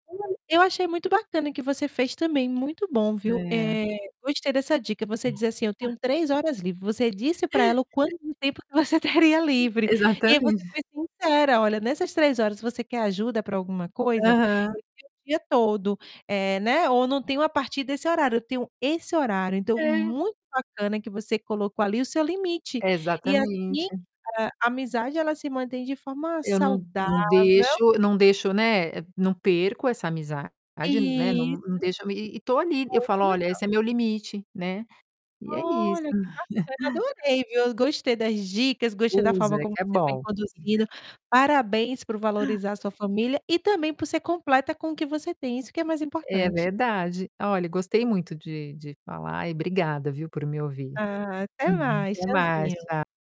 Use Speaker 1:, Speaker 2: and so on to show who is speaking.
Speaker 1: Eu eu achei muito bacana o que você fez também, muito bom viu?
Speaker 2: É.
Speaker 1: Eh, gostei dessa dica, você diz, assim: "Eu tenho 3 horas livre.", você disse para ela quanto tempo que você teria livre, e aí você
Speaker 2: Exatamente.
Speaker 1: foi sincera: "Olha, nessas 3 horas você quer ajuda para alguma coisa?
Speaker 2: Aham.
Speaker 1: Eu tenho o dia todo.", né, ou "não tenho a partir desse horário eu tenho esse horário.", então
Speaker 2: É.
Speaker 1: muito bacana que você colocou ali o seu limite e assim,
Speaker 2: Exatamente.
Speaker 1: a a amizade ela se mantém de forma
Speaker 2: Eu não não
Speaker 1: saudável.
Speaker 2: deixo eu não deixo, né, não perco essa amizade, né, não não
Speaker 1: Isso.
Speaker 2: deixo e e e estou ali, eu
Speaker 1: Muito
Speaker 2: falo: "Olha,
Speaker 1: legal.
Speaker 2: esse é meu limite.", né. E é isso.
Speaker 1: Olha que bacana, adorei viu, gostei das dicas, gostei da forma
Speaker 2: Usa
Speaker 1: como
Speaker 2: que é
Speaker 1: você foi
Speaker 2: bom.
Speaker 1: conduzindo, parabéns por valorizar a sua família e também ser completa com o que você tem isso que é mais
Speaker 2: É
Speaker 1: importante.
Speaker 2: verdade. Olha, gostei muito de de falar e obrigada viu por me ouvir.
Speaker 1: Ah, até
Speaker 2: Uhum.
Speaker 1: mais
Speaker 2: Até mais,
Speaker 1: tchauzinho.
Speaker 2: tchau.